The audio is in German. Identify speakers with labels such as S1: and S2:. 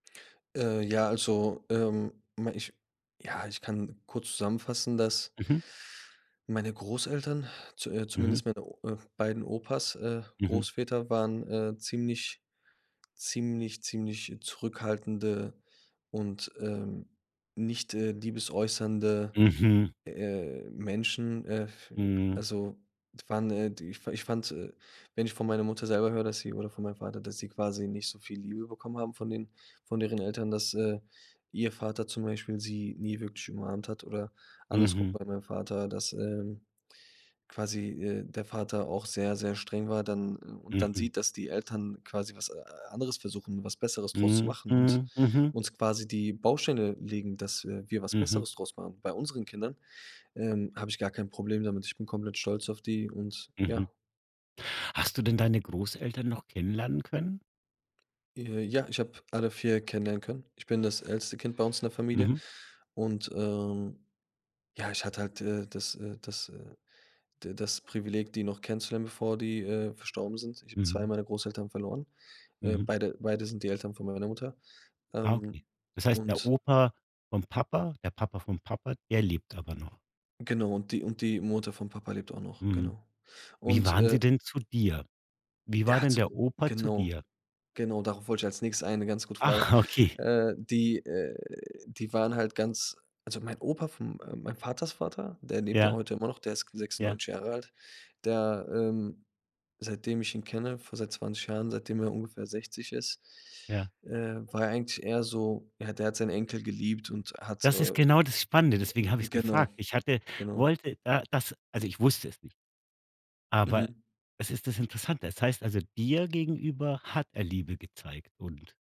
S1: Äh, ja, also, ähm, ma ich ja, ich kann kurz zusammenfassen, dass
S2: Mhm.
S1: meine Großeltern, zu äh,
S2: Mhm.
S1: zumindest meine O äh, beiden Opas äh,
S2: Mhm.
S1: Großväter waren, äh, ziemlich ziemlich, ziemlich zurückhaltende und, ähm, nicht, äh, liebesäußernde,
S2: Mhm.
S1: äh, Menschen. Äh, f
S2: Mhm.
S1: also, die waren, äh, die ich ich fand, äh wenn ich von meiner Mutter selber höre, dass sie oder von meinem Vater, dass sie quasi nicht so viel Liebe bekommen haben von den von deren Eltern, dass, äh, ihr Vater zum Beispiel sie nie wirklich umarmt hat oder andersrum
S2: Mhm.
S1: bei meinem Vater, dass, ähm, quasi, äh, der Vater auch sehr, sehr streng war dann, äh und dann
S2: Mhm.
S1: sieht, dass die Eltern quasi was, äh, anderes versuchen, was Besseres draus zu
S2: Mhm,
S1: machen und
S2: mhm, mhm.
S1: uns quasi die Bausteine legen, dass, äh, wir was
S2: Mhm.
S1: Besseres draus machen bei unseren Kindern, ähm, habe ich gar kein Problem damit. Ich bin komplett stolz auf die und
S2: Mhm.
S1: ja.
S2: Hast du denn deine Großeltern noch kennenlernen können?
S1: Äh, ja, ich habe alle 4 kennenlernen können. Ich bin das älteste Kind bei uns in der Familie
S2: Mhm.
S1: und, ähm, ja, ich hatte halt, äh, das, äh das, äh da das Privileg, die noch kennenzulernen, bevor die, äh, verstorben sind. Ich habe 2
S2: Mhm.
S1: meiner Großeltern verloren, äh,
S2: Mhm.
S1: beide beide sind die Eltern von meiner Mutter.
S2: Ah,
S1: Ähm,
S2: okay. Das heißt, der
S1: und
S2: Opa vom Papa der Papa vom Papa, der lebt aber noch?
S1: Genau und die und die Mutter von Papa lebt auch noch,
S2: Mhm.
S1: genau.
S2: Wie
S1: Und,
S2: waren sie
S1: äh
S2: denn zu dir? Wie war
S1: Der hat
S2: denn
S1: so
S2: der Opa zu
S1: Genau.
S2: dir?
S1: Genau, darauf wollte ich als Nächstes ein 'ne ganz gute Frage.
S2: Ach, okay.
S1: Äh, die, äh die waren halt ganz also, mein Opa von, äh mein Vaters Vater, der lebt ja auch
S2: Ja.
S1: heute immer noch, der ist
S2: Ja.
S1: 96 Jahre alt, der, ähm seitdem ich ihn kenne, vor seit 20 Jahren, seitdem er ungefähr 60 ist,
S2: Ja.
S1: äh, war er eigentlich eher so ja, der hat seinen Enkel geliebt und hat,
S2: Das ist
S1: äh
S2: genau das Spannende, deswegen habe ich's
S1: Genau,
S2: gefragt. Ich hatte
S1: genau.
S2: wollte da das also, ich wusste es nicht. Aber
S1: Mhm.
S2: es ist das Interessante. Es heißt, also, dir gegenüber hat er Liebe gezeigt und